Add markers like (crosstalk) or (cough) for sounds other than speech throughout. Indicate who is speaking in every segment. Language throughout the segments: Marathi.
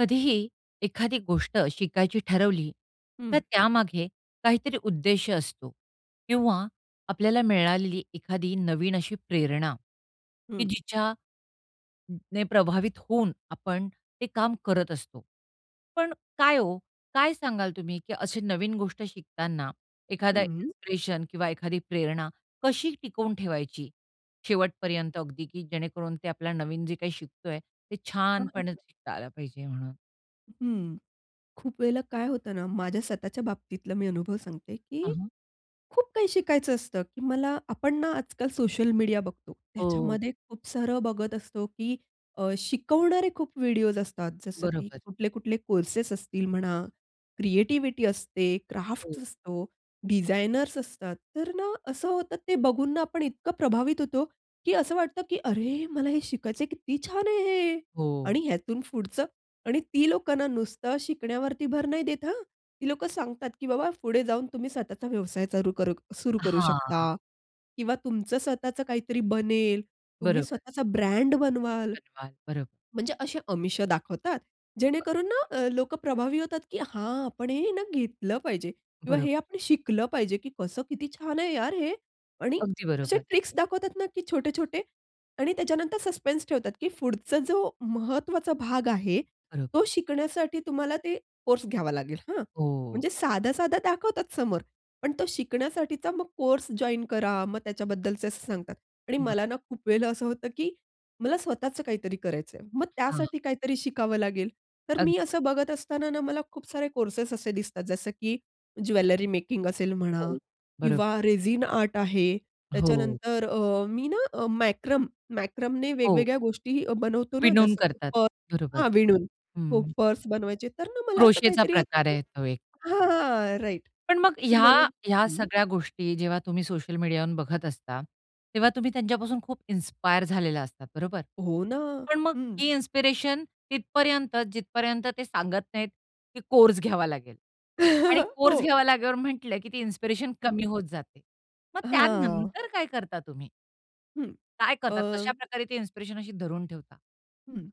Speaker 1: कधीही एखादी गोष्ट शिकायची ठरवली, तर
Speaker 2: हं.
Speaker 1: त्यामागे काहीतरी उद्देश असतो किंवा आपल्याला मिळालेली एखादी नवीन अशी प्रेरणा की
Speaker 2: हं.
Speaker 1: जिच्या अ, ने प्रभावित होऊन आपण ते काम करत असतो. पण काय ओ, काय सांगाल तुम्ही, की असे नवीन गोष्ट शिकताना एखादा
Speaker 2: हं, हं.
Speaker 1: इन्स्पिरेशन किंवा एखादी प्रेरणा कशी टिकवून ठेवायची. शेवटपर्यंत अगदी की जेणेकरून ते आपला नवीन जे काही शिकतो आहे. ते
Speaker 2: हां, हां,
Speaker 1: छानपणे
Speaker 2: हां.
Speaker 1: शिकता आलं पाहिजे म्हणून?
Speaker 2: हं, हं. खूप वेळेला काय होतं ना, माझ्या स्वतःच्या बाबतीतला मी अनुभव सांगते,
Speaker 1: हां,
Speaker 2: की
Speaker 1: हां.
Speaker 2: खूप काही शिकायचं असतं, की मला आपण ना, आजकाल सोशल मीडिया बघतो.
Speaker 1: हो.
Speaker 2: त्याच्यामध्ये खूप सारं बघत असतो. की अ, शिकवणारे खूप व्हिडिओज असतात. जसं की
Speaker 1: बरोबर.
Speaker 2: कुठले-कुठले कोर्सेस असतील म्हणा, क्रिएटिव्हिटी असते, क्राफ्ट्स
Speaker 1: हो.
Speaker 2: असतो, डिझायनर्स असतात. तर ना, असं होतं ते बघून ना, आपण इतकं प्रभावित होतो. की असं वाटतं की "अरे! मला हे शिकायचं आहे, किती छान आहे हे" आणि
Speaker 1: हो.
Speaker 2: ह्यातून पुढचं. आणि ती लोकांना नुसतं शिकण्यावरती भर नाही देत हं. ती लोकं सांगतात की बाबा पुढे जाऊन तुम्ही स्वतःचा व्यवसाय चालू करू सुरू करू शकता
Speaker 1: हां.
Speaker 2: किंवा तुमचं स्वतःच काहीतरी बनेल, तुम्ही
Speaker 1: बरोबर.
Speaker 2: स्वतःचा ब्रँड बनवाल
Speaker 1: बनवाल. बरं.
Speaker 2: म्हणजे असे अमिष दाखवतात. जेणेकरून
Speaker 1: अगदी
Speaker 2: ना,
Speaker 1: बरोबर.
Speaker 2: अ, लोकं प्रभावी होतात, की "हा आपण हे ना, घेतलं पाहिजे" किंवा
Speaker 1: बरोबर.
Speaker 2: "हे आपण शिकलं पाहिजे." की कसं किती छान आहे यार हे आणि
Speaker 1: अगदी
Speaker 2: असे
Speaker 1: बरोबर.
Speaker 2: ट्रिक्स दाखवतात ना, की छोटे-छोटे आणि त्याच्यानंतर सस्पेन्स ठेवतात, की पुढचा जो महत्वाचा भाग आहे,
Speaker 1: खरं.
Speaker 2: तो शिकण्यासाठी तुम्हाला ते कोर्स घ्यावा लागेल हां.
Speaker 1: हो.
Speaker 2: म्हणजे साधा-साधा दाखवतात समोर, पण तो शिकण्यासाठीचा मग कोर्स जॉइन करा. मग त्याच्याबद्दलच असं सांगतात. आणि
Speaker 1: बरं.
Speaker 2: मला ना, खूप वेळेला असं होतं की मला स्वतःच काहीतरी करायचं आहे. मग
Speaker 1: हां.
Speaker 2: त्यासाठी काहीतरी, शिकावं लागेल. तर मी
Speaker 1: अगदी बरोबर.
Speaker 2: असं बघत असताना ना, मला खूप सारे कोर्सेस असे दिसतात. जसं की ज्वेलरी मेकिंग असेल म्हणा
Speaker 1: हो, बरोबर.
Speaker 2: किंवा रेझीन आर्ट आहे,
Speaker 1: हो.
Speaker 2: त्याच्यानंतर अ, मी ना, अ, मॅक्रम मॅक्रमने
Speaker 1: हो.
Speaker 2: वेगवेगळ्या गोष्टीही बनवतो ना.
Speaker 1: विणून
Speaker 2: जसं की
Speaker 1: करतात.
Speaker 2: पर्स
Speaker 1: बरोबर.
Speaker 2: हां, विणून. हो,
Speaker 1: हं.
Speaker 2: पर्स बनवायचे. तर ना, मला असं
Speaker 1: क्रोशेचा
Speaker 2: काहीतरी होतं
Speaker 1: प्रकार
Speaker 2: की
Speaker 1: आहे तो एक.
Speaker 2: हां, हां, राइट
Speaker 1: पण मग
Speaker 2: तर
Speaker 1: ह्या
Speaker 2: मला
Speaker 1: ह्या
Speaker 2: हं.
Speaker 1: सगळ्या गोष्टी जेव्हा तुम्ही सोशल मीडियावरून बघत असता, तेव्हा तुम्ही त्यांच्यापासून खूप इन्स्पायर झालेला असतात. बरोबर?
Speaker 2: हो ना.
Speaker 1: पण मग
Speaker 2: हं.
Speaker 1: ती इन्स्पिरेशन तिथपर्यंत, जिथपर्यंत ते सांगत नाहीत की कोर्स घ्यावा लागेल आणि
Speaker 2: (chuckles)
Speaker 1: कोर्स
Speaker 2: हो.
Speaker 1: घ्यावा लागल्यावर म्हटलं, की ती इन्स्पिरेशन
Speaker 2: हं.
Speaker 1: कमी होत जाते. मग
Speaker 2: हां.
Speaker 1: त्यानंतर काय करता तुम्ही?
Speaker 2: हं,
Speaker 1: काय
Speaker 2: अ
Speaker 1: करतात, कशाप्रकारे ते इन्स्पिरेशन अशी धरून ठेवता?
Speaker 2: हं.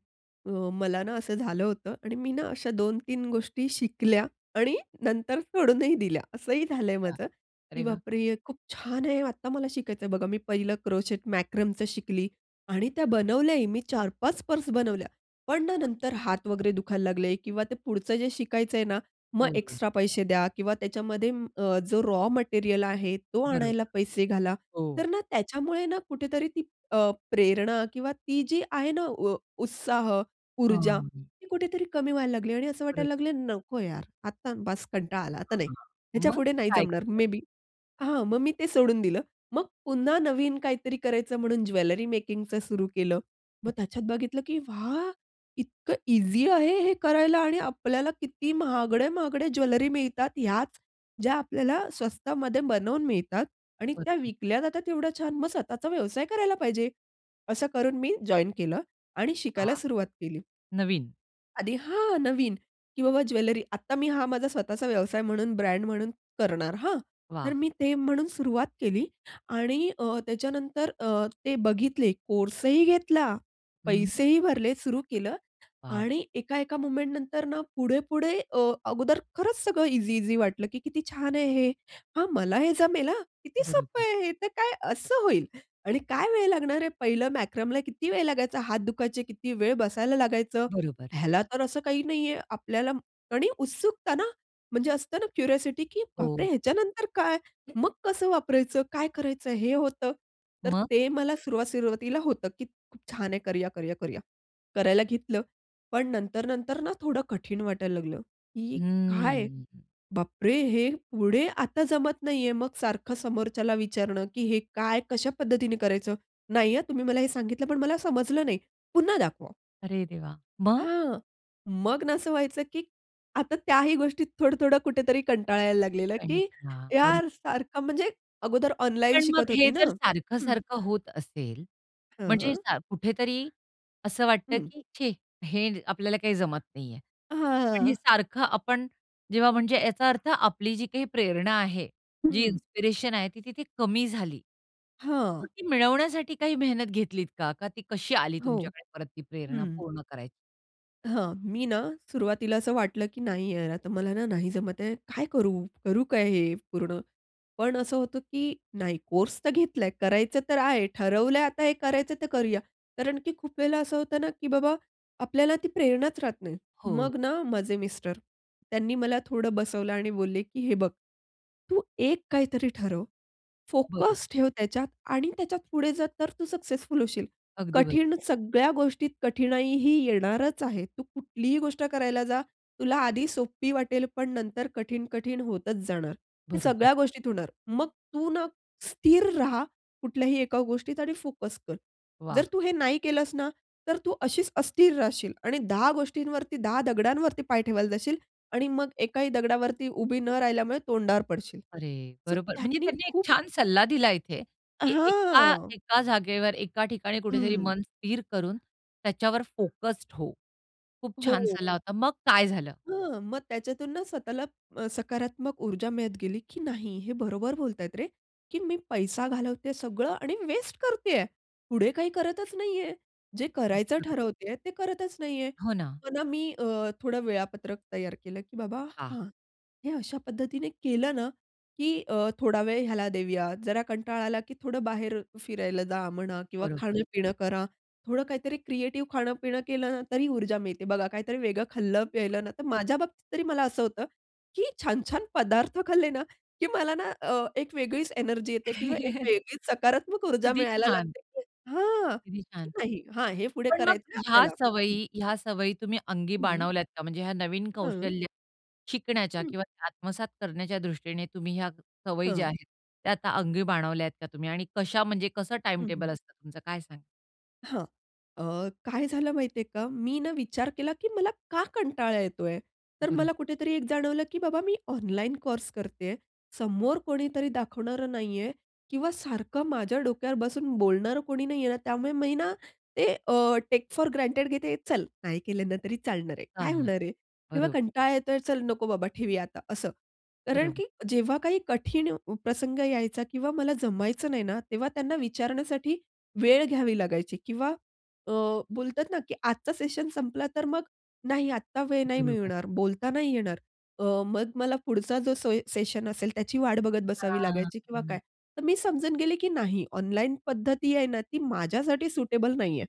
Speaker 2: अ, मला ना, असं झालं होतं आणि मी ना, अशा 2-3 गोष्टी शिकल्या आणि नंतर सोडूनही दिल्या असंही झालंय
Speaker 1: अच्छा.
Speaker 2: माझं. की
Speaker 1: अरे वाह!
Speaker 2: "बापरे! हे खूप छान आहे, आत्ता मला शिकायचंय." बघा, मी पहिलं क्रोचेट मॅकरमचं शिकली आणि त्या
Speaker 1: बरोबर.
Speaker 2: बनवल्याही. मी 4-5 पर्स बनवल्या. पण ना,
Speaker 1: (unintelligible)
Speaker 2: नंतर हात वगैरे दुखायला लागले किंवा ते पुढचं जे शिकायचंय ना, मग
Speaker 1: हो, हो.
Speaker 2: एक्स्ट्रा पैसे द्या किंवा त्याच्यामध्ये अ, जो रॉ मटेरिअल आहे, तो आणायला
Speaker 1: बरोबर.
Speaker 2: पैसे घाला.
Speaker 1: हो.
Speaker 2: तर ना, त्याच्यामुळे ना कुठेतरी ती अ, प्रेरणा किंवा ती जी आहे ना, उ उत्साह,
Speaker 1: हां,
Speaker 2: ऊर्जा
Speaker 1: हां.
Speaker 2: ती कुठेतरी कमी व्हायला लागली आणि असं
Speaker 1: खरचं.
Speaker 2: वाटायला लागल, "नको यार, आता बास कंटाळा आला, आता नाही,
Speaker 1: हां, हां, मग
Speaker 2: ह्याच्यापुढे नाही
Speaker 1: काय
Speaker 2: जमणार
Speaker 1: केलं?
Speaker 2: May be." हां, मग मी ते सोडून दिलं. मग पुन्हा नवीन काहीतरी करायचं म्हणून ज्वेलरी मेकिंगचं सुरु केलं. मग त्याच्यात बघितलं की "वाह! इतकं ईझी आहे, हे करायला आणि आपल्याला किती महागडे, महागडे ज्वेलरी मिळतात." याच ज्या आपल्याला स्वस्तामध्ये बनवून मिळतात आणि त्या
Speaker 1: बरोबर.
Speaker 2: विकल्या जाता तेवढ्या छान, मग स्वतःचा व्यवसाय करायला पाहिजे. असं करून मी जॉइन केलं आणि शिकायला
Speaker 1: हां.
Speaker 2: सुरुवात केली.
Speaker 1: नवीन.
Speaker 2: आधी हां, हां नवीन, की बाबा ज्वेलरी आता मी हा माझा स्वतःचा व्यवसाय म्हणून ब्रँड म्हणून करणार हां. तर
Speaker 1: वाह!
Speaker 2: मी ते म्हणून सुरुवात केली आणि अ, त्याच्यानंतर अ, ते बघितले कोर्स ही घेतला,
Speaker 1: हं, हं.
Speaker 2: पैसेही भरले सुरू केलं.
Speaker 1: वॉव!
Speaker 2: आणि एका-एका मोमेंटनंतर ना, पुढे-पुढे अ, अगोदर खरंच सगळं ईझी-ईझी वाटलं, की किती छान आहे हे. हां मला हे जमेल हां किती सोप्पं
Speaker 1: बरोबर.
Speaker 2: आहे हे तर काय असं होईल. आणि काय वेळ लागणार आहे? पहिलं मॅक्रमला किती वेळ लागायचा, हात दुखायचे किती वेळ बसायला लागायचं?
Speaker 1: बरोबर.
Speaker 2: ह्यालातर असं काही नाहीये आपल्याला आणि उत्सुकत ना, म्हणजे असतं ना क्युरिओसिटी, की बापरे
Speaker 1: हो.
Speaker 2: ह्याच्यानंतर काय?
Speaker 1: हं.
Speaker 2: मग कसं वापरायचं? काय करायचं? हे होतं. तर
Speaker 1: मग?
Speaker 2: ते मला सुरुवात सुरुवातीला होतं, की खूप छान आहे करूया-करूया-करूया. करायला घेतलं, पण नंतर-नंतर ना, थोडं कठीण वाटायला लागलं की काय?
Speaker 1: हम्म.
Speaker 2: बापरे! हे पुढे आता जमत नाहीये मग सारखं समोरच्याला विचारणं, की हे काय, कशा पद्धतीने करायचं? नाहीये तुम्ही मला हे सांगितलंपण मला समजलं नाही. पुन्हा दाखवा?
Speaker 1: अरे देवा, मग?
Speaker 2: हां. मग ना, असं व्हायचं, की आता त्याही गोष्टीत थोडं-थोडं कुठेतरी कंटाळायला लागलेलं, की
Speaker 1: कंटाळा, बरोबर.
Speaker 2: यार सारखं म्हणजे अगोदर ऑनलाईन
Speaker 1: पण मग
Speaker 2: शिकत
Speaker 1: हे
Speaker 2: होती ना
Speaker 1: जर
Speaker 2: हं.
Speaker 1: सारखं-सारखं होत असेल. म्हणजे
Speaker 2: हां.
Speaker 1: सा कुठेतरी असं वाटतं,
Speaker 2: हं.
Speaker 1: की छे! हे आपल्याला काही जमत नाहीये. पण हे
Speaker 2: हां.
Speaker 1: सारखं आपण, जेव्हा म्हणजे याचा अर्थ आपली जी काही प्रेरणा आहे. जी
Speaker 2: हं.
Speaker 1: इन्स्पिरेशन आहे ती तिथे कमी झाली.
Speaker 2: हां.
Speaker 1: मग ती मिळवण्यासाठी काही मेहनत घेतलीत का? का ती कशी आली
Speaker 2: हो.
Speaker 1: तुमच्याकडे परत ती प्रेरणा
Speaker 2: हं
Speaker 1: पूर्ण करायची?
Speaker 2: हां. मी ना, सुरवातीला असं वाटलं की "नाही यार, आता मला ना, नाही जमत आहे. काय करू? करू काय हे पूर्ण?" पण असं होतं की "नाही, कोर्स तर घेतलाय, करायचं तर आहे, ठरवलंय आता हे करायचं, तर करूया." कारण की खूप वेळेला असं होतं ना, की बाबा आपल्याला ती प्रेरणाच राहत नाही. मग
Speaker 1: हो.
Speaker 2: ना माझे मिस्टर त्यांनी मला थोडं बसवलं आणि बोलले की "हे बघ, तू एक काहीतरी ठरव,
Speaker 1: बरोबर.
Speaker 2: फोकस ठेव त्याच्यात आणि त्याच्यात पुढे जा, तर तू सक्सेसफुल होशील.
Speaker 1: अगदी बरोबर.
Speaker 2: कठीण सगळ्या गोष्टीत कठिणाई ही येणारच आहे. तू कुठलीही गोष्ट करायला जा. तुला आधी सोपी वाटेल, पण नंतर कठीण, कठीण होतच जाणार. हे
Speaker 1: बरोबर.
Speaker 2: सगळ्या गोष्टीत होणार. मग तू ना, स्थिर रहा कुठल्याही एका गोष्टीत आणि फोकस कर.
Speaker 1: वा!
Speaker 2: जर तू हे नाही केलंस ना, तर तू अशीच अस्थिर राहशील आणि दहा गोष्टींवरती, दहा दगडांवरती पाय ठेवायला जाशील आणि मग एकाही दगडावरती उभी न राहिल्यामुळे तोंडावर पडशील.
Speaker 1: अरे,
Speaker 2: सो
Speaker 1: बरोबर. म्हणजे
Speaker 2: त्यांनी
Speaker 1: त्यांनी एक
Speaker 2: खूप
Speaker 1: छान सल्ला दिला इथे, की एका
Speaker 2: हां.
Speaker 1: एका जागेवर एका
Speaker 2: हं,
Speaker 1: ठिकाणी कुठेतरी
Speaker 2: हं.
Speaker 1: मन स्थिर करून, त्याच्यावर फोक्स्ड हो. खूप छान
Speaker 2: हो.
Speaker 1: सल्ला होता. मग काय झालं?
Speaker 2: हां. मग त्याच्यातून ना, स्वतःला अ, सकारात्मक ऊर्जा मिळत गेली, की "नाही, हे बरोबर बोलतायत रे, की मी पैसा घालवतेय सगळं आणि वेस्ट करतेय, पुढे काही करतच नाहीये, जे करायचं
Speaker 1: अच्छा
Speaker 2: ठरवतेय ते करतच नाहीये."
Speaker 1: हो ना.
Speaker 2: पण मी अ, थोडं वेळापत्रक तयार केलं की बाबा,
Speaker 1: हां.
Speaker 2: हां. हे अशा पद्धतीने केलं ना, की अ, थोडा वेळ ह्याला देऊया. जरा कंटाळा आला की थोडं बाहेर फिरायला जा म्हणा किंवा
Speaker 1: बरोबर.
Speaker 2: खाणं पिणं करा. थोडं काहीतरी क्रिएटिव्ह खाणं पिणं केलं ना, तरी ऊर्जा मिळते. बघा काहीतरी वेगळं खाल्लं
Speaker 1: हो
Speaker 2: प्यायलं
Speaker 1: ना.
Speaker 2: ना, तर माझ्या बाबतीत तरी मला असं होतं की छान-छान पदार्थ खाल्ले ना, की मला ना, अ, एक वेगळीच एनर्जी येते किंवा एक
Speaker 1: (chuckles)
Speaker 2: वेगळीच सकारात्मक ऊर्जा
Speaker 1: किती
Speaker 2: मिळायला
Speaker 1: छान!
Speaker 2: लागते. की हां,
Speaker 1: किती
Speaker 2: की
Speaker 1: छान.
Speaker 2: नाही हा हे पुढे
Speaker 1: पण मग
Speaker 2: करायचंय
Speaker 1: ह्या
Speaker 2: आपल्याला. हं.
Speaker 1: सवयी ह्या सवयी तुम्ही अंगी
Speaker 2: हं.
Speaker 1: बाणवल्यात का? म्हणजे ह्या नवीन
Speaker 2: हं.
Speaker 1: कौशल्य शिकण्याच्या
Speaker 2: हं.
Speaker 1: किंवा आत्मसात करण्याच्या दृष्टीने तुम्ही ह्या सवयी ज्या
Speaker 2: हां.
Speaker 1: आहेत, त्या आता अंगी बाणवल्यात का तुम्ही आणि कशा म्हणजे कसं
Speaker 2: हं, हं.
Speaker 1: टाईमटेबल असतं तुमचं, काय सांगाल?
Speaker 2: हां. अ, काय झालं माहिती आहे का? मी ना, विचार केला की मला का कंटाळा येतो आहे? तर
Speaker 1: बरोबर.
Speaker 2: मला कुठेतरी एक जाणवलं की बाबा मी ऑनलाईन कोर्स करते आहे. समोर कोणीतरी दाखवणारं नाही आहे किंवा सारखं माझ्या डोक्यावर बसून बोलणारं कोणी नाही आहे. त्यामुळे मी ना, ते अ, टेक फोर ग्रांटेड घेते. चल नाही केलं ना, तरी चालणार आहे, काय
Speaker 1: चालणार.
Speaker 2: होणार आहे? तेव्हा
Speaker 1: बरोबर.
Speaker 2: कंटाळा येतो आहे, "चल नको बाबा, ठेवुया आता," असं. कारण
Speaker 1: बरोबर.
Speaker 2: की जेव्हा काही कठीण प्रसंग यायचा किंवा मला जमायचं नाही ना, तेव्हा त्यांना विचारण्यासाठी वेळ घ्यावी लागायची किंवा अ, बोलतात ना, की आजचा सेशन संपला. तर मग नाही, आता वेळ नाही
Speaker 1: बरोबर.
Speaker 2: मिळणार, बोलता नाही येणार. अ, मग मला पुढचा जो सोय सेशन असेल, त्याची वाट बघत बसावी
Speaker 1: हां.
Speaker 2: लागायची किंवा काय.
Speaker 1: हं.
Speaker 2: तर मी समजून गेली की नाही ऑनलाईन पद्धती आहे ना, ती माझ्यासाठी सुटेबल नाही आहे.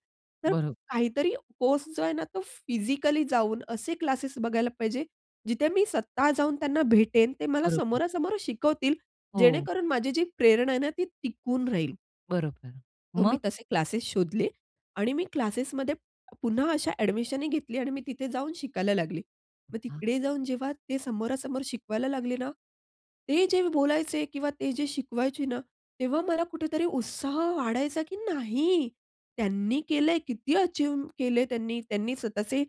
Speaker 2: तर
Speaker 1: बरोबर.
Speaker 2: काहीतरी कोर्स जो आहे ना, तो फिजिकली जाऊन असे क्लासेस बघायला पाहिजे, जिथे मी स्वतः जाऊन त्यांना भेटेन. ते मला
Speaker 1: बरोबर.
Speaker 2: समोरासमोरं शिकवतील.
Speaker 1: हो.
Speaker 2: जेणेकरून माझी जी प्रेरणा आहे ना, ती टिकून राहील.
Speaker 1: बरोबर.
Speaker 2: तर मी
Speaker 1: मग?
Speaker 2: तसे क्लासेस शोधले आणि मी क्लासेसमध्ये पुन्हा अशा अ‍ॅडमिशन ही घेतली आणि मी तिथे जाऊन शिकायला लागली. मग
Speaker 1: अच्छा.
Speaker 2: तिकडे जाऊन जेव्हा ते समोरासमोर शिकवायला लागले ना, ते जे बोलायचे किंवा ते जे शिकवायचे ना, तेव्हा मला कुठेतरी उत्साह वाढायचा की "नाही, त्यांनी केलं आहे, किती अचीव्ह केले त्यांनी." त्यांनी स्वतःचे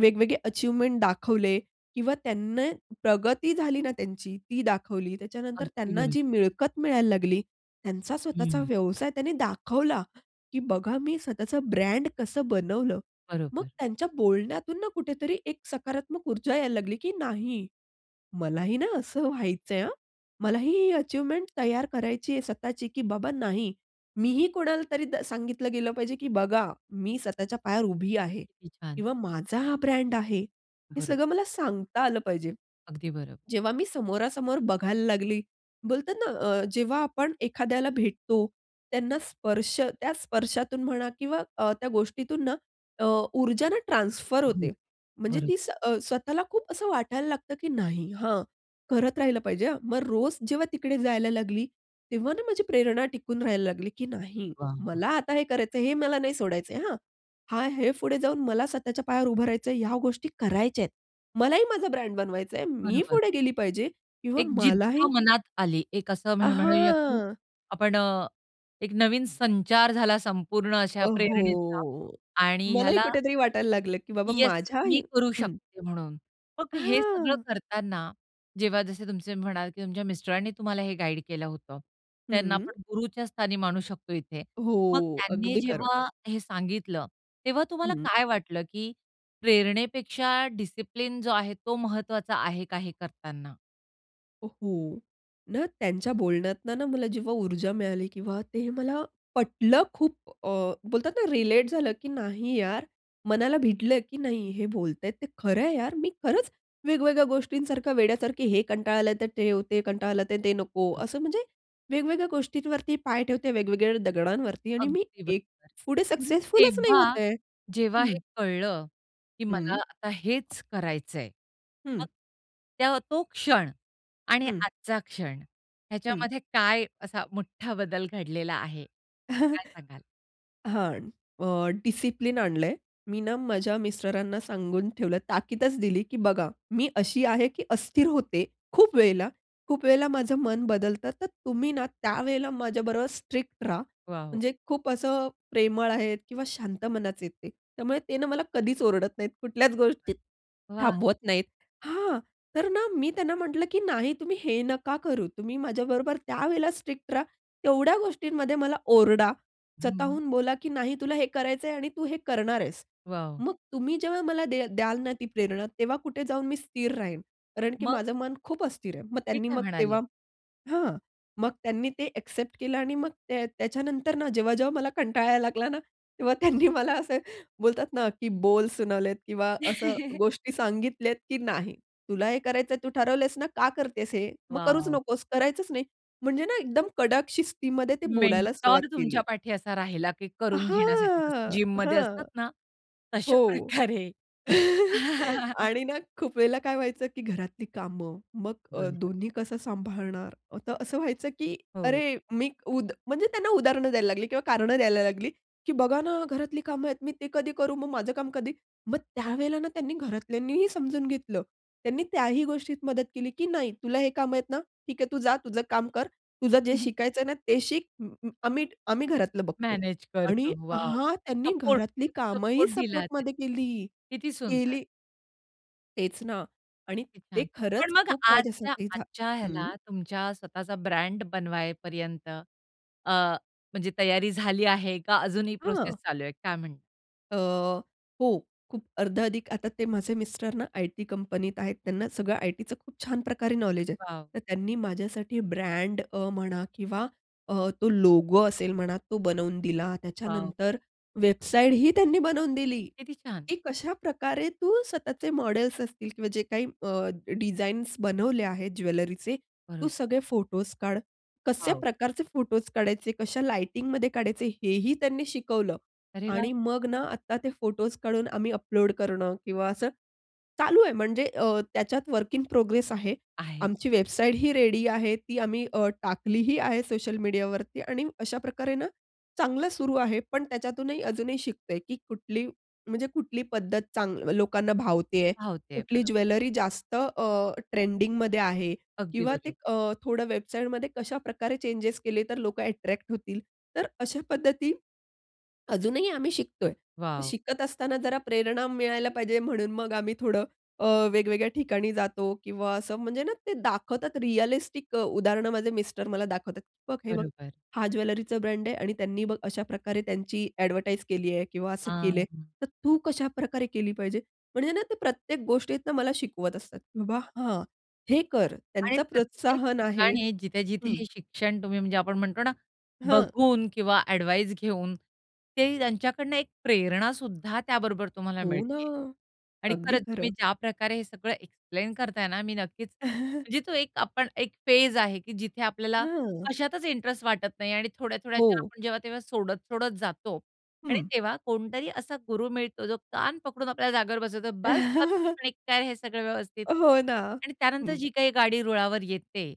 Speaker 2: वेगवेगळे अचिव्हमेंट दाखवले किंवा त्यांना प्रगती झाली ना त्यांची, ती दाखवली. त्याच्यानंतर
Speaker 1: अगदी
Speaker 2: त्यांना
Speaker 1: बरोबर.
Speaker 2: जी मिळकत मिळायला लागली. त्यांचा स्वतःचा
Speaker 1: हं.
Speaker 2: व्यवसाय त्यांनी दाखवला की "बघा मी स्वतःच ब्रँड कसं बनवलं." मग
Speaker 1: बरोबर.
Speaker 2: त्यांच्या बोलण्यातून ना, कुठेतरी एक सकारात्मक ऊर्जा यायला लागली की नाही. मलाही ना, असं व्हायचं आहे हां. मलाही ही अचिव्हमेंट तयार करायची आहे स्वतःची की "बाबा नाही," मी ही कोणाला तरी द सांगितलं गेलं पाहिजे की "बघा, मी स्वतःच्या पायावर उभी आहे"
Speaker 1: किती छान.
Speaker 2: किंवा "माझा हा ब्रँड आहे." हे
Speaker 1: बरं.
Speaker 2: सगळं मला सांगता आलं पाहिजे.
Speaker 1: अगदी बरोबर.
Speaker 2: जेव्हा मी समोरासमोर बघायला लागली, बोलतात ना, अ, जेव्हा आपण एखाद्याला भेटतो, त्यांना स्पर्श त्या स्पर्शातून म्हणा किंवा अ, त्या गोष्टीतून ना अ, ऊर्जा ना, ट्रान्सफर
Speaker 1: हो,
Speaker 2: होते. म्हणजे
Speaker 1: बरोबर.
Speaker 2: ती स्व अ, स्वतःला खूप असं वाटायला लागतं की "नाही, हां करत राहील पाहिजे," हां. मग रोज जेव्हा तिकडे जायला लागली, तेव्हा ना माझी प्रेरणा टिकून राहायला लागली की "नाही,
Speaker 1: वाह, वाह.
Speaker 2: मला आता हे करायचं आहे, हे मला नाही सोडायच आहे हं." हा हे पुढे जाऊन मला स्वतःच्या पायावर उभं राहायचं आहे, या गोष्टी करायच्या आहेत. मलाही माझा ब्रँड बनवायच आहे. मी
Speaker 1: बरोबर.
Speaker 2: पुढे गेली पाहिजे किंवा
Speaker 1: एक जिद्द
Speaker 2: मलाही
Speaker 1: मनात आली. एक असं
Speaker 2: अ,
Speaker 1: म्हण म्हणूया की
Speaker 2: हां.
Speaker 1: आपण अ, एक नवीन संचार झाला संपूर्ण अशा
Speaker 2: अ,
Speaker 1: प्रेरणेचा
Speaker 2: हो.
Speaker 1: आणि
Speaker 2: मलाही
Speaker 1: ह्याला
Speaker 2: कुठेतरी वाटायला लागलं की बाबा
Speaker 1: येस.
Speaker 2: माझ्या
Speaker 1: मी
Speaker 2: ही
Speaker 1: करू
Speaker 2: हं.
Speaker 1: शकते म्हणून. मग हे सगळं
Speaker 2: हां.
Speaker 1: करताना, जेव्हा जसे तुमचे म्हणाल की तुमच्या मिस्टरांनी तुम्हाला हे गाईड केलं होतं. त्यांना
Speaker 2: हं.
Speaker 1: आपण गुरुच्या स्थानी मानू शकतो इथे. मग
Speaker 2: हो,
Speaker 1: त्यांनी
Speaker 2: अगदी खरं.
Speaker 1: जेव्हा हे सांगितलं, तेव्हा तुम्हाला
Speaker 2: हं.
Speaker 1: काय वाटलं की प्रेरणेपेक्षा डिसिप्लिन जो आहे, तो महत्वाचा आहे का हे करताना?
Speaker 2: हो. ना, त्यांच्या बोलण्यातनं ना मला, जेव्हा ऊर्जा मिळाली किंवा ते मला पटलं खूप अ, बोलतात ना रिलेट झालं, की "नाही यार," मनाला भिडलं की "नाही हे बोलतायेत ते खरं आहे यार, मी खरंच वेगवेगळ्या गोष्टींसारखं वेड्यासारखे हे कंटाळलं तर ते, ते कंटाळलं तर ते नको.
Speaker 1: बरोबर.
Speaker 2: असं म्हणजे वेगवेगळ्या गोष्टींवरती पाय ठेवते, वेगवेगळ्या दगडांवरती आणि मी
Speaker 1: अगदी
Speaker 2: एक
Speaker 1: बरोबर, (unintelligible)
Speaker 2: पुढे
Speaker 1: म्हणजे
Speaker 2: सक्सेसफुलचं नाही
Speaker 1: तेव्हा
Speaker 2: होत आहे"
Speaker 1: जेव्हा
Speaker 2: हं.
Speaker 1: हे कळलं की मला
Speaker 2: हं.
Speaker 1: आता हेच करायचंय,
Speaker 2: हं.
Speaker 1: मग त्या तो क्षण आणि
Speaker 2: हं.
Speaker 1: आजचा क्षण
Speaker 2: हं.
Speaker 1: ह्याच्यामध्ये काय असा मोठा बदल घडलेला आहे काय सांगाल?
Speaker 2: (chuckles) हां. अ, डिसिप्लिन आणलंय. मी ना, माझ्या मिस्टरांना सांगून ठेवलं आहे. ताकीदचं दिली की "बघा, मी अशी आहे की अस्थिर होते खूप वेळेला, खूप वेळेला माझं मन बदलतं, तर तुम्ही ना, त्यावेळेला माझ्याबरोबर स्ट्रिक्ट राहा."
Speaker 1: वॉव!
Speaker 2: म्हणजे खूप असं प्रेमळ आहेत किंवा शांत मनाचे आहेत ते, त्यामुळे ते ना, मला कधीच ओरडत नाहीत, कुठल्याच
Speaker 1: बरोबर.
Speaker 2: गोष्टीत
Speaker 1: वाह!
Speaker 2: थांबवत नाहीत. हां, तर ना, मी त्यांना म्हंटलं, "की नाही तुम्ही हे नका करू. तुम्ही माझ्याबरोबर त्यावेळेला स्ट्रिक्ट राहा. तेवढ्या गोष्टींमध्ये मला ओरडा,
Speaker 1: हं, हं.
Speaker 2: स्वतःहून बोला की "नाही तुला हे करायच आहे आणि तू हे करणार आहेस."
Speaker 1: वॉव!
Speaker 2: मग तुम्ही जेव्हा मला दे द्याल ना ती प्रेरणा, तेव्हा कुठे जाऊन मी स्थिर राहील. कारण की
Speaker 1: मग?
Speaker 2: माझं मन खूप अस्थिर आहे. मग
Speaker 1: ते
Speaker 2: त्यांनी
Speaker 1: काय
Speaker 2: मग
Speaker 1: म्हणाले?
Speaker 2: तेव्हा हां मग त्यांनी ते ॲक्सेप्ट केलं आणि मग त्या त्याच्यानंतर ना जेव्हा-जेव्हा मला कंटाळा यायला लागला ना, तेव्हा त्यांनी मला असे बोलतात ना की बोल सुनावलेत किंवा असं
Speaker 1: (chuckles)
Speaker 2: गोष्टी सांगितल्यात, "की नाही. तुला हे करायचंय तू ठरवलेस ना, का करतेस हे? मग करूच
Speaker 1: वॉव!
Speaker 2: नकोस करायचंच नाही. म्हणजे ना, एकदम कडक शिस्तीमध्ये ते बोलायला सुरुवात
Speaker 1: मेंटॉर
Speaker 2: केली.
Speaker 1: तुमच्यापाठी असा राहिला, की करून घेण्यासाठी जसं
Speaker 2: हां,
Speaker 1: जिममध्ये
Speaker 2: हां.
Speaker 1: असतात ना तशा
Speaker 2: हो.
Speaker 1: प्रकारे.
Speaker 2: (chuckles)
Speaker 1: (chuckles)
Speaker 2: आणि ना, खूप वेळेला काय व्हायचं, की घरातली कामं, मग अ,
Speaker 1: बरोबर.
Speaker 2: दोन्ही कसं सांभाळणार अ, त असं व्हायचं की
Speaker 1: हो.
Speaker 2: अरे मीक उद म्हणजे त्यांना उदाहरणं द्यायला लागली किंवा कारणं द्यायला लागली. की "बघा ना, घरातली कामं आहेत. मी ते कधी करू, मग माझं काम कधी?" मग त्यावेळेला ना, त्यांनी घरातल्यांनीही समजून घेतलं. त्यांनी त्याही गोष्टीत मदत केली की "नाही, तुला हे कामं आहेत ना, ठीक आहे, तू जा तुझं काम कर. तुझं जे
Speaker 1: (chuckles)
Speaker 2: शिकायचंय ना ते शिक. अं, अं, आम्ही आम्ही घरातलं बघतो"
Speaker 1: मॅनेज
Speaker 2: आणि
Speaker 1: करतो. वॉव!
Speaker 2: हां, त्यांनी
Speaker 1: सपोर्ट,
Speaker 2: घरातली
Speaker 1: एक
Speaker 2: कामंही
Speaker 1: सपोर्ट दिला त्याने.
Speaker 2: सपोर्टमध्ये केली
Speaker 1: किती सुंदर.
Speaker 2: केली. तेच ना आणि
Speaker 1: किती
Speaker 2: ते
Speaker 1: छान. पण
Speaker 2: खरंच
Speaker 1: मग
Speaker 2: खूप
Speaker 1: आजच्या
Speaker 2: माझ्यासाठी झा
Speaker 1: आजच्या
Speaker 2: हं.
Speaker 1: ह्याला तुमच्या स्वतःचा ब्रँड बनवाय पर्यंत अ, म्हणजे तयारी झाली आहे का अजूनही
Speaker 2: हां.
Speaker 1: प्रोसेस चालू आहे काय म्हणणार?
Speaker 2: अ, हो. खूप अर्धा अधिक आता ते माझे मिस्टरना आय-टी कंपनीत आहेत त्यांना सगळं आय-टीच खूप छान प्रकारे नॉलेज आहे.
Speaker 1: वाव!
Speaker 2: तर त्यांनी माझ्यासाठी ब्रँड अ, म्हणा किंवा अ, तो लोगो असेल म्हणा तो बनवून दिला.
Speaker 1: वाव!
Speaker 2: त्याच्यानंतर वेबसाईटही त्यांनी बनवून दिली.
Speaker 1: किती छान.
Speaker 2: की कशाप्रकारे तू स्वतःचे मॉडेल्स असतील किंवा जे काही अ, डिझाईन्स बनवले आहेत ज्वेलरीचे. तू
Speaker 1: बरं.
Speaker 2: सगळे फोटोज काढ कशा
Speaker 1: वाव.
Speaker 2: प्रकारचे फोटो काढायचे, कशा लाइटिंगमध्ये काढायचे हेही त्यांनी शिकवलं.
Speaker 1: अरे वाह!
Speaker 2: आणि मग ना आत्ता ते फोटोज काढून आम्ही अपलोड करणं किंवा असं, चालू आहे. म्हणजे अ, त्याच्यात वर्क इन प्रोग्रेस आहे
Speaker 1: आहे.
Speaker 2: आमची वेबसाईटही रेडी आहे. ती आम्ही अ, टाकलीही आहे सोशल मीडियावरती. आणि अशाप्रकारे ना, चांगलं सुरू आहे, पण त्याच्यातूनही अजूनही शिकतेय की कुठली, म्हणजे कुठली पद्धत चांग लोकांना भावते आहे
Speaker 1: भावतेय,
Speaker 2: कुठली
Speaker 1: बरं.
Speaker 2: ज्वेलरी जास्त अ, ट्रेंडिंगमध्ये आहे
Speaker 1: अगदी
Speaker 2: किंवा ते
Speaker 1: बरोबर.
Speaker 2: अ, थोडं वेबसाईटमध्ये कशाप्रकारे चेंजेस केले तर लोकं अट्रॅक्ट होतील. तर अशा पद्धती (swallows) अजूनही आम्ही शिकतोय. तर
Speaker 1: वाव.
Speaker 2: शिकत असताना जरा प्रेरणा मिळायला पाहिजे म्हणून मग आम्ही थोडं अ, वेगवेगळ्या ठिकाणी जातो किंवा असं म्हणजे ना, ते दाखवतात रिअलिस्टिक उदाहरणं माझे मिस्टर मला दाखवतात. "बघ, हे बघ.
Speaker 1: बरोबर.
Speaker 2: हा ज्वेलरीचा ब्रँड आहे आणि त्यांनी बघ अशा प्रकारे त्यांची ॲडव्हर्टाइज केली आहे" किंवा असं
Speaker 1: आ,
Speaker 2: केलंय.
Speaker 1: हां.
Speaker 2: तर तू कशाप्रकारे केली पाहिजे? म्हणजे ना, ते प्रत्येक गोष्टीतनं मला शिकवत असतात. बाबा, हां. "हे कर."
Speaker 1: आणि
Speaker 2: त्यांचं
Speaker 1: प्रत्येक
Speaker 2: प्रोत्साहन आहे.
Speaker 1: ठिकाणी जिथे-जिथे
Speaker 2: हं.
Speaker 1: हे शिक्षण तुम्ही म्हणजे आपण म्हणतो ना,
Speaker 2: हां.
Speaker 1: बघून किंवा ॲडव्हाइस घेऊन ते त्यांच्याकडनं एक प्रेरणा सुद्धा त्याबरोबर तुम्हाला
Speaker 2: हो ना.
Speaker 1: मिळती आहे. आणि
Speaker 2: अगदी
Speaker 1: खरंच
Speaker 2: खरं.
Speaker 1: तुम्ही ज्याप्रकारे हे सगळं एक्सप्लेन करताय ना, मी नक्कीच
Speaker 2: (chuckles)
Speaker 1: म्हणजे तो एक आपण एक फेज आहे की जिथे आपल्याला
Speaker 2: हां.
Speaker 1: कशातच इंटरेस्ट वाटत नाही आणि थोड्या-थोड्या ज्या
Speaker 2: हो.
Speaker 1: आपण जेव्हा-तेव्हा सोडत-सोडत जातो, आणि
Speaker 2: हं.
Speaker 1: तेव्हा कोणतरी असा गुरू मिळतो जो कान पकडून आपल्या जागेवर बसवतो. "बस
Speaker 2: (chuckles)
Speaker 1: गपचुप आणि कर हे सगळं व्यवस्थित."
Speaker 2: हो ना,
Speaker 1: आणि त्यानंतर
Speaker 2: हं.
Speaker 1: जी काही गाडी रुळावर येते,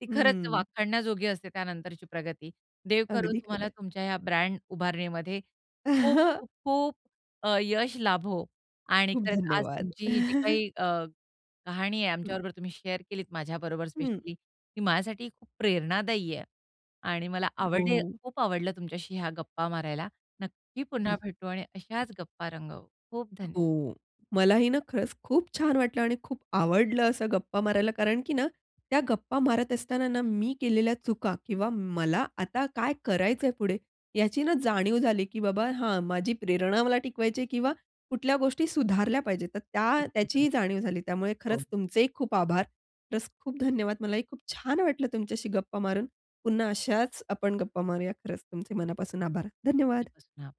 Speaker 1: ती खरंच
Speaker 2: हं.
Speaker 1: वाखाडण्याजोगी असते, त्यानंतरची प्रगती. देव करो
Speaker 2: अगदी
Speaker 1: तुम्हाला
Speaker 2: खरंय.
Speaker 1: तुमच्या या ब्रँड उभारणीमध्ये,
Speaker 2: (chuckles)
Speaker 1: खूप-खूप, खूप, अ, यश लाभो. आणि
Speaker 2: खूप
Speaker 1: खरंच आज
Speaker 2: धन्यवाद.
Speaker 1: तुमची ही जी
Speaker 2: (chuckles)
Speaker 1: काही अ, कहाणी आहे
Speaker 2: हं.
Speaker 1: आमच्याबरोबर तुम्ही शेअर केलीत, माझ्याबरोबर
Speaker 2: हं.
Speaker 1: स्पेशली. ती माझ्यासाठी खूप प्रेरणादायी आहे. आणि मला
Speaker 2: अ,
Speaker 1: आवडे
Speaker 2: हो.
Speaker 1: खूप आवडलं तुमच्याशी ह्या गप्पा मारायला. नक्की
Speaker 2: हं.
Speaker 1: पुन्हा भेटू आणि अशाच गप्पा रंगवू. खूप धन्यवाद.
Speaker 2: हो. मलाही ना, खरंच खूप छान वाटलं आणि खूप आवडलं असं गप्पा मारायला, कारण की ना, त्या गप्पा मारत असताना ना, मी केलेल्या चुका किंवा मला आता काय करायचंय पुढे? ह्याची ना जाणीव झाली, की "बाबा, हा माझी प्रेरणा मला टिकवायची आहे" किंवा कुठल्या गोष्टी सुधारल्या पाहिजेत तर त्या
Speaker 1: खूप-खूप
Speaker 2: त्याची
Speaker 1: धन्यवाद.
Speaker 2: जाणीव झाली. त्यामुळे
Speaker 1: हो.
Speaker 2: खरंच तुमचेही खूप आभार. प्लस खूप धन्यवाद. मलाही खूप छान वाटलं तुमच्याशी गप्पा मारून. पुन्हा अशाच आपण गप्पा मारूया खरंच तुमचे मनापासून आभार. धन्यवाद.
Speaker 1: (unintelligible)